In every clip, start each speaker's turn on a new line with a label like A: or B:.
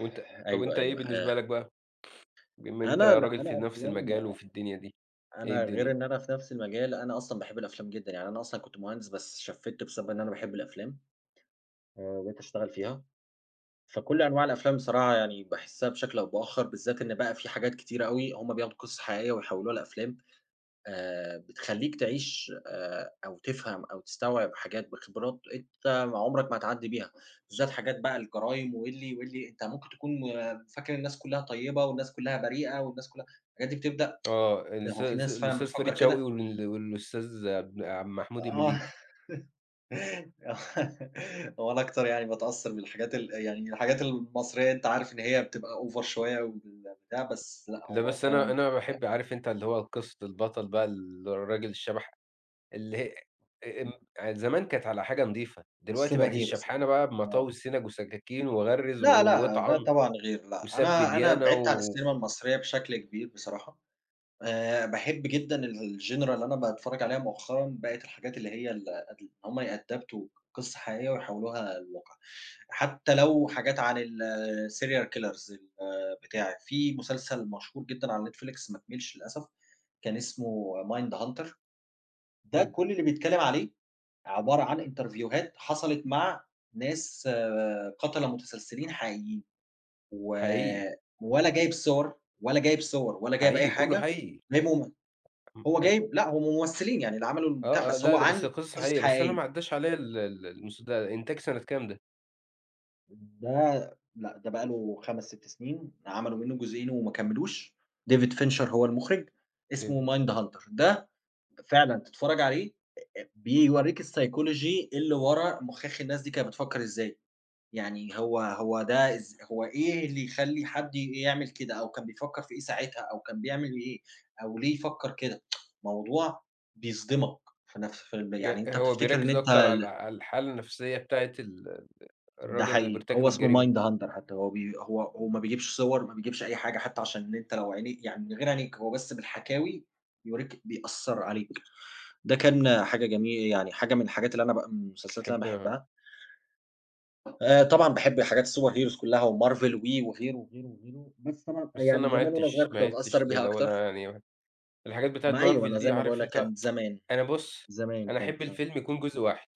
A: وأنت طَب
B: أيوه،
A: وأنت إيه
B: أيوه آآ
A: بالنسبة لك بقى؟ بما أنت
B: أنا لأ،
A: راجل
B: أنا
A: في نَفْس
B: أفلام
A: المجال وفي الدنيا دي، إيه
B: أنا غير
A: الدنيا؟
B: إن أنا في نَفْس مجالي، أنا أصلًا باحب الأفلام جدًا، يعني أنا أصلًا كنت مهندس، بس شفّت، بسبب إن أنا باحب الأفلام، آآ، وبقيت اشتغل فيها. فكل أنواع الأفلام بصراحة، يعني باحسّها بشكل أو بآخر، بالذات إن بقى في حاجات كتيرة أوي، هُم بياخدوا قصص حقيقية ويحوِّلوها لأفلام، آآ، بتخلّيك تعيش، آآ، أو تفهم أو تستوعب حاجات بخبرات أنت ما عُمرك ما هتعدّي بيها. بالذات حاجات بقى، الجرايم واللي واللي، أنت ممكن تكون فاكر الناس كلّها طيِّبة والناس كلّها بريئة والناس كلّها، الحاجات دي بتبدأ،
A: آه،
B: إيه ده؟
A: الس
B: هو في
A: س
B: ناس فعلًا
A: الأستاذ
B: بتفكِّر
A: فريد شوقي
B: كده؟
A: وال والأستاذ ابن عم محمود
B: آه.
A: المليجي.
B: آه، هو أنا أكتر يعني باتأثّر بالحاجات ال يعني الحاجات المصرية أنت عارف إن هي بتبقى over شوية وال بتاع بس لأ،
A: لأ،
B: هو
A: بس أنا،
B: فعلًا
A: أنا
B: ف
A: باحب عارف أنت اللي هو قِصة البطل بقى، اللي الراجل الشبح اللي هي أ أم يعني زمان كانت على حاجة نضيفة، دلوقتي بقت
B: الsuperheroes يعني
A: الشبحنة بقى
B: آه.
A: بمطاوي السنج وسكاكين وغَرّز و
B: لأ، لأ، ده
A: واطعن
B: طبعًا غير. لأ،
A: وسَب
B: أنا أنا
A: ديانة
B: بعِدت عن
A: و
B: الcinema المصرية بشكل كبير بصراحة. آآ، باحب جدًا ال الgenre اللي أنا باتفرَّج عليها مؤخرًا، بقت الحاجات اللي هي ال ال إن هُم يأدابتوا قِصة حقيقية ويحوِّلوها لواقع، حتى لو حاجات عن الserial killers، البتاع. في مسلسل مشهور جدًا على Netflix، ما كمَّلش للأسف، كان اسمه Mindhunter. ده
A: برضه.
B: كل اللي بيتكلَّم عليه عبارة عن إنترفيوهات حصلت مع ناس قتلة متسلسلين حقيقيين، و
A: حقيقي.
B: ولا جايب صور ولا جايب صور، ولا جايب أي
A: حقيقي كلّه،
B: حاجة،
A: حقيقي.
B: وجايبهم
A: اهم.
B: هو
A: حلو.
B: جايب لأ، هُم ممثلين يعني، اللي عملوا البتاع،
A: آه، آه،
B: بس
A: لأ،
B: هو
A: لأ بس
B: عن
A: هي قصص
B: قصص
A: حقيقية، بس أنا
B: حقيقية.
A: ما عدّاش عليّا ال ال المس ده إنتاج سَنة كام ده؟
B: ده لأ، ده بقى له 5 6 سنين عملوا منُّه جزئين وما كملوش David Fincher هو المُخرج
A: David.
B: اسمه Mindhunter، ده ب فعلًا تتفرّج عليه أ أ بيوريك الPsychology اللي ورا مُخاخ الناس دي كانت بتفكّر إزاي، يعني هو هو ده إز هو إيه اللي يخلّي حد ي يعمل كده أو كان بيفكّر في إيه ساعتها؟ أو كان بيعمل إيه؟ أو ليه يفكّر كده؟ موضوع بيصدمك في نَفْس الفيلم يعني
A: يأ
B: أنت
A: هو
B: بتفتكّر إن
A: بيركّز
B: أنت
A: أكتر على
B: ال
A: على الحالة النَفْسية بتاعة ال ال
B: ده
A: الراجل اللي
B: حقيقي،
A: بيرتكب
B: هو اسمه
A: الجريمة.
B: Mindhunter حتى هو بي هو هو ما بيجيبش صور، ما بيجبش أي حاجة حتى عشان إن أنت لو عيني يعني من غير عينيك هو بس بالحكاوي يوريك، بيأثّر عليك ده كان حاجة جمي يعني حاجة من الحاجات اللي أنا بقى من المسلسلات اللي أنا
A: تحبها.
B: باحبها. آآ، طبعًا باحب الحاجات الsuperheroes كلّها وMarvel وي وغيره وغيره وغيره، بس طبعًا، آآ،
A: بس أنا
B: يعني
A: ما
B: زمان وأنا صغيّر
A: عدتش ما
B: كنت
A: عدتش
B: باتأثّر
A: زي
B: بيها
A: الأول،
B: أكتر.
A: يعني الحاجات بتاعة
B: ما أيوه، أنا
A: Marvel
B: زي
A: دي
B: ما باقول
A: عارف
B: لك
A: أنت
B: كانت زمان.
A: أنا بُص،
B: زمان
A: أنا احب
B: كانت أ
A: الفيلم يكون جزء واحد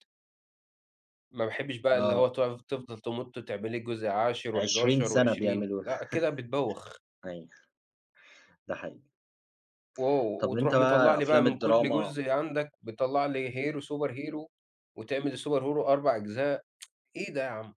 A: ما باحبش بقى اللي هو
B: آه.
A: تقف تفضل تمُط وتعمل لي جزء عاشر،
B: 20
A: وحداشر
B: سَنة
A: وعشرين
B: بيعملوه
A: لأ، كده بتبوّخ.
B: أيوه، ده حقيقي.
A: و
B: طََب، أنت
A: وتروح مطلع
B: بقى
A: لي بقى
B: أفلام
A: من كل
B: الدراما
A: جزء عندك، بتطلع لي hero، superhero وتعمل الsuperhero 4 أجزاء إيه ده يا عم.